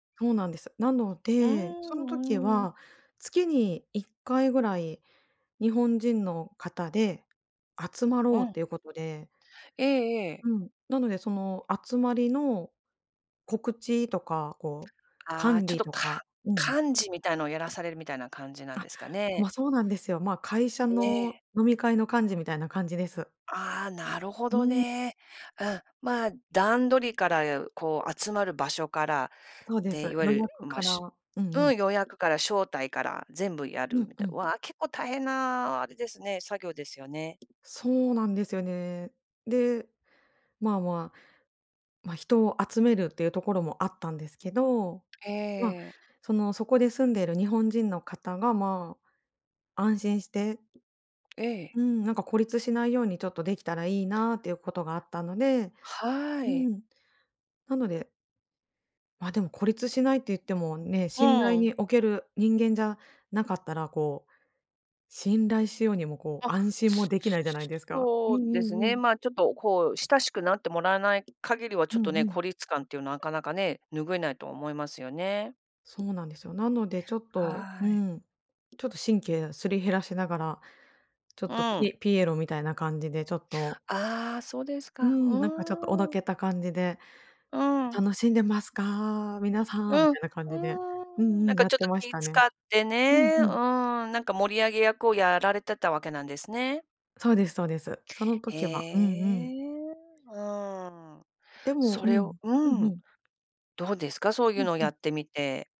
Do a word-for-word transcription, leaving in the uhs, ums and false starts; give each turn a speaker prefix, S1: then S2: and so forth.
S1: そうなんです。なの
S2: うー
S1: で、その時
S2: ん、うん。
S1: は、月にいっかいぐらい、日本人の方で集ま
S2: う
S1: ろうっ
S2: ん。
S1: ていうことで。
S2: ええええ。
S1: うん。なのでその、集まりの告知とか、こう
S2: ああ、
S1: 管
S2: ちょっ
S1: 理
S2: と、
S1: と
S2: か
S1: かうん。
S2: 幹事みたいのを、やらされるみたいな感じなん
S1: あ、
S2: ですかね？
S1: ま、そうなんですよ。ま、会社の
S2: ね。
S1: 飲み会の、幹事みたいな感じです。
S2: ああ、なるほ
S1: う
S2: ど
S1: ん。
S2: ね。うん、まあ、段取りからいう、こう集まる場所から、
S1: そうで
S2: で、
S1: す、
S2: いわゆ
S1: 予
S2: る、
S1: 約
S2: ま、
S1: から。
S2: し
S1: う
S2: ゅ
S1: んう
S2: う
S1: ん。
S2: ん、予約から招待から、全部や
S1: う
S2: る
S1: ん、
S2: み
S1: う
S2: た
S1: ん。
S2: わ、結構大変なあれですね、作業ですよね。
S1: そうなんですよね。で、まあまあ、ま、人を集めるっていうところもあったんですけど、ま、
S2: ええ。
S1: その、そこで住んでる日本人の方が、まあ、安心して
S2: ええ。
S1: うん、なんか孤立しないように、ちょっとできたらいいなっていうことがあったので
S2: はい。
S1: うん。なのでま、でも孤立しないって言ってもね、
S2: う
S1: 信頼に
S2: ん。
S1: 置ける人間じゃなかったら、こう、信頼しようにも、こう
S2: あ。
S1: 安心
S2: す
S1: もできな
S2: す
S1: いじゃない
S2: す
S1: ですか。うん
S2: そうで
S1: う
S2: す
S1: んう
S2: ね、
S1: ん。
S2: まあ、ちょっとこう、親しくなってもらえない限りはち
S1: う
S2: ょっ
S1: ん
S2: と
S1: う
S2: ね、
S1: ん。
S2: 孤立感っていうのは、なかなかね、拭えないと思いますよね。
S1: そうなんですよ。なのでちょっとう
S2: はい。
S1: ん。ちょっと神経、すり減らしながら、ちょっ
S2: う
S1: と
S2: ん。
S1: ピピエロみたいな感じで、ちょっと。
S2: ああ、そうです
S1: う
S2: か。う
S1: ん、なんかちょっと、おど
S2: ーん。
S1: けた感じで
S2: うん。
S1: 「楽しんでますか？皆さん」み
S2: うん、う
S1: たいな感じでう
S2: ーん。
S1: ん
S2: な
S1: う
S2: ん
S1: ん、
S2: か
S1: やっ
S2: ちょっ
S1: て
S2: と、
S1: まし
S2: 気
S1: たね。
S2: 使って
S1: うん、
S2: ね。
S1: う
S2: う
S1: ん。
S2: ん、なんか盛り上げ役を、やられてたわけなんですね。
S1: そうですそうです。その
S2: へ
S1: 時は。うんうん。
S2: え。うん。
S1: でも
S2: そ
S1: う
S2: れを
S1: ん。うん、
S2: う
S1: ふ
S2: ん。
S1: ん。
S2: どうですか？そうい
S1: う
S2: う
S1: ん、
S2: のを
S1: う
S2: や
S1: ん。
S2: ってみて。